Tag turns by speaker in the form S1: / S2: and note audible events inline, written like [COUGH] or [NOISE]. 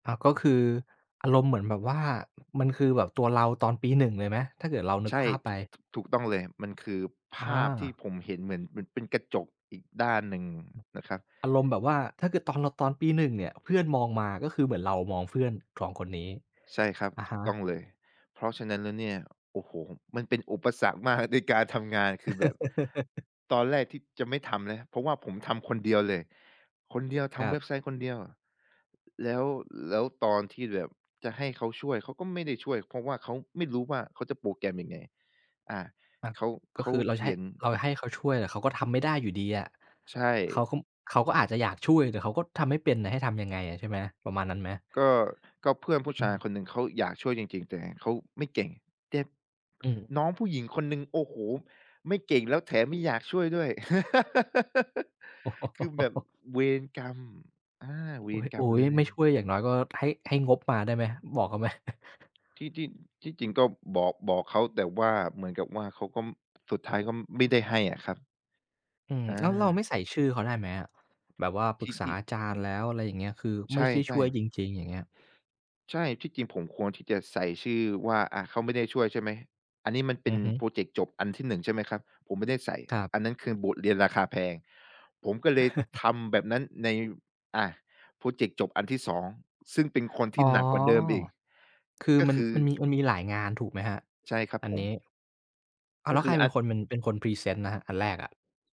S1: อา ก็คืออารมณ์เหมือนแบบว่า มันคือแบบตัวเราตอนปี 1 เลยไหม ถ้าเกิดเรานึ
S2: ใ
S1: ก
S2: ช่
S1: ภาพไ
S2: ถ
S1: ป?
S2: ถ ถูกต้องเลย มันคือภาพที่
S1: อา
S2: ผมเห็นเหมือนมันเป็นกระจกอีกด้านหนึ่งนะครับ
S1: อารมณ์แบบว่า ถ้าเกิดตอนเราตอนปี 1 เนี่ย เพื่อนมองมาก็คือเหมือนเรามองเพื่อน 2 คนนี้
S2: ใช่ครับ
S1: อะ
S2: ถ
S1: ฮ
S2: ูกต้
S1: ะ
S2: องเลย เพราะฉะนั้นแล้วเนี่ย โอ้โฮ มันเป็นอุปสรรคมากในการทำงาน คือแบบ
S1: [CHUCKLES]
S2: ตอนแรกที่จะไม่ทำแล้ว เพราะว่าผมทำคนเดียวเลย คนเดียวท
S1: คร
S2: ำ
S1: ั
S2: เว
S1: บ
S2: ็บไซต์คนเดียว แล้ว แล้วตอนที่แบบจะให้เขาช่วย เขาก็ไม่ได้ช่วย เพราะว่าเขาไม่รู้ว่าเขาจะโปรแกรมยังไง อา
S1: อา
S2: เขา
S1: ก
S2: เข
S1: ็
S2: า
S1: คือเรา
S2: เข
S1: จะให
S2: ี
S1: ้
S2: ยน
S1: เราให้เขาช่วย แต่เขาก็ทำไม่ได้อยู่ดีอะ
S2: ใช
S1: เขา
S2: ่
S1: ก็ เขาก็อาจจะอยากช่วย แต่เขาก็ทำให้เป็นน่ะให้ทำยังไงอะ ใช่ไหม ประมาณนั้นไหม?
S2: ก็ ก็เพื่อนผู้
S1: อ
S2: ช
S1: ื
S2: าย
S1: ม
S2: คนหนึ่งเขาอยากช่วยจริง ๆ แต่เขาไม่เก่ง แต่
S1: อืม
S2: น้องผู้หญิงคนหนึ่ง โอ้โฮ ไม่เก่งแล้วแถมไม่อยากช่วยด้วย [LAUGHS] คือแบบ
S1: [CHUCKLES]
S2: เวรกรรม อา เว
S1: อ
S2: รกร
S1: ุ
S2: ร
S1: ๊
S2: มเ
S1: ย
S2: ล
S1: ๆ ไม่
S2: ย
S1: ช่วยอย่างน้อยก็ให้ ให้งบมาได้ไหม? บอกเขาไหม? [CHUCKLES]
S2: ที่ ที่ ที่จริงก็บอก บอกเขา แต่ว่าเหมือนกับว่าเขาก็ สุดท้ายก็ไม่ได้ให้อะครับ
S1: อืม
S2: อ
S1: แล้วเราไม
S2: า
S1: ่ใส่ชื่อเขาได้ไหมอะ? แบบว่าป
S2: ท
S1: รึ
S2: ี
S1: ก
S2: ่
S1: ษ
S2: ท
S1: า
S2: ี่
S1: อาจารย์แล้ว อะไรอย่างเงี้ย คือไ
S2: ใช
S1: ม่ได้ช
S2: ่
S1: ่วย
S2: ๆ
S1: จริง ๆ อย่างเงี้ย
S2: ใช่ ที่จริงผมควรที่จะใส่ชื่อว่าอะเขาไม่ได้ช่วย ใช่ไหม? อันนี้มันเป
S1: อ
S2: ็น
S1: ือฮึ
S2: พรอเจกต์จบอันที่ 1 ใช่ไหมครับ ผมไม่ได้ใส่
S1: ครับ
S2: อันนั้นคือบทเรียนราคาแพง ผมก็เลย
S1: [CHUCKLES]
S2: ทำแบบนั้นใน อ่า พรอเจกต์จบอันที่ 2 ซึ่งเป็นคนท
S1: อ๋
S2: ี
S1: อ
S2: ่หนักกว่าเดิมอีก
S1: คือ
S2: ก็
S1: มั
S2: ค
S1: น
S2: ือ
S1: มันมี มันมีหลายงานถูกไหมครับ
S2: ใช่ครับ
S1: อัน
S2: ผ
S1: นี้?
S2: ม
S1: อ้า
S2: ก
S1: ว แ
S2: ็
S1: ล้ว
S2: ค
S1: ใค
S2: ื
S1: ร
S2: อ
S1: เป
S2: อ
S1: ็
S2: ั
S1: น
S2: น
S1: คนมัน เป็นคนพรีเซนต์นะครับ อันแรกอะ?